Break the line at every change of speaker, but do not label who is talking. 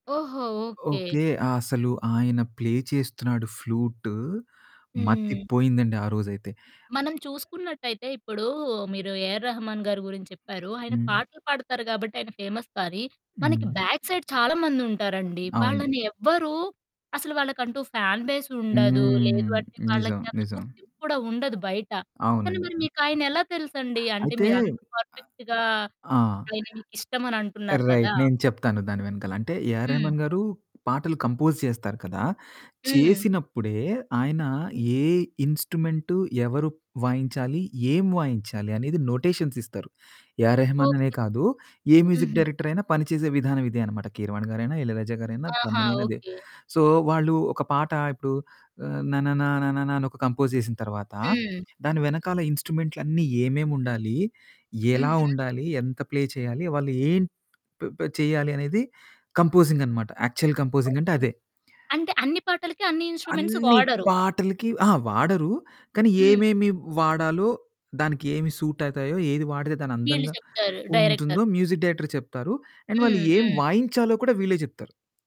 ఓహో! Okay.
Okay. అసలు ఆయన ప్లే చేస్తున్నాడు. ఫ్లూటు మతి
హ్మ్.
పోయిందండి ఆరోజైతే.
మనం చూసుకున్నట్టయితే ఇప్పుడు మీరు ఏఆర్ రెహమాన్ గారి గురించి చెప్పారు. ఆయన
హ్మ్.
పాటలు పాడుతారు గాబట్టి ఆయన ఫేమస్ కానీ మనకి
హ్మ్.
బ్యాక్ సైడ్ చాలామందుంటారండి.
అవును.
వాళ్ళని ఎవ్వరు అసలు వాళ్ళకంటూ ఫ్యాన్ బేసుండదు.
హ్మ్.
లేదు అంటే
నిజం
వాళ్ళకి అంత
నిజం.
గుర్తింపు కూడా ఉండదు బయట. కానీ
అవునండి.
మరి
హ్మ్.
మీకాయన ఎలా తెలుసండి అంటే
అయితే,
మీరు అంత పర్ఫెక్ట్‌గా
అ ఆ!
ఆయన మీకిష్టమని అంటున్నారు కదా!
రైట్. నేను చెప్తాను దాని వెనకాల అంటే ఏఆర్
హ్మ్.
రెహమాన్ గారు పాటలు కంపోజ్ చేస్తారు కదా!
హ్మ్.
చేసినప్పుడే ఆయన
హ్మ్.
ఏ ఇన్‌స్ట్రుమెంటు ఎవరు వాయించాలి? ఏం వాయించాలి? అనేది నొటేషన్స్ ఇస్తారు. ఏఆర్ రెహమాన్ అనే
ఓకె.
కాదు, ఏ మ్యూజిక్
హుహు.
డైరెక్టర్ అయినా పని చేసే విధానం ఇదే అనమాట. కీరవాణి గారైనా, ఇళయరాజా గారైనా
ఆహా!
తమనైనా ఇదే.
ఓకె.
సో, వాళ్ళు ఒక పాట ఇప్పుడు ఆహ్, 'నననా నననా' అని ఒక కంపోజ్ చేసిన తర్వాత
హ్మ్.
దాని వెనకాల ఇన్‌స్ట్రుమెంట్లన్నీ ఏమేమి ఉండాలి? ఎలా
హుహు.
ఉండాలి? ఎంత ప్లే చేయాలి? వాళ్ళు ఏం ప్ చేయాలి అనేది కంపోజింగనమాట యాక్చువల్ కంపోజింగంటే
ఓకె.
అదే.
అంటే అన్ని పాటలకి అన్ని ఇన్‌స్ట్రుమెంట్స్
అన్నీ
వాడరు.
పాటలకి అహా! వాడరు. కానీ
హ్మ్.
ఏమేమి వాడాలో దానికి ఏమి సూట్ అవుతాయో ఏది వాడితే దాన్ని
వీళ్ళు
అందంగా
చెప్తారు
ఉంటుందో
డైరెక్టర్స్.
మ్యూజిక్ డైరెక్టర్ చెప్తారు. అండ్ వాళ్ళు
హ్మ్.
ఏం
హ్మ్.
వాయించాలో కూడా వీళ్ళే జెప్తారు.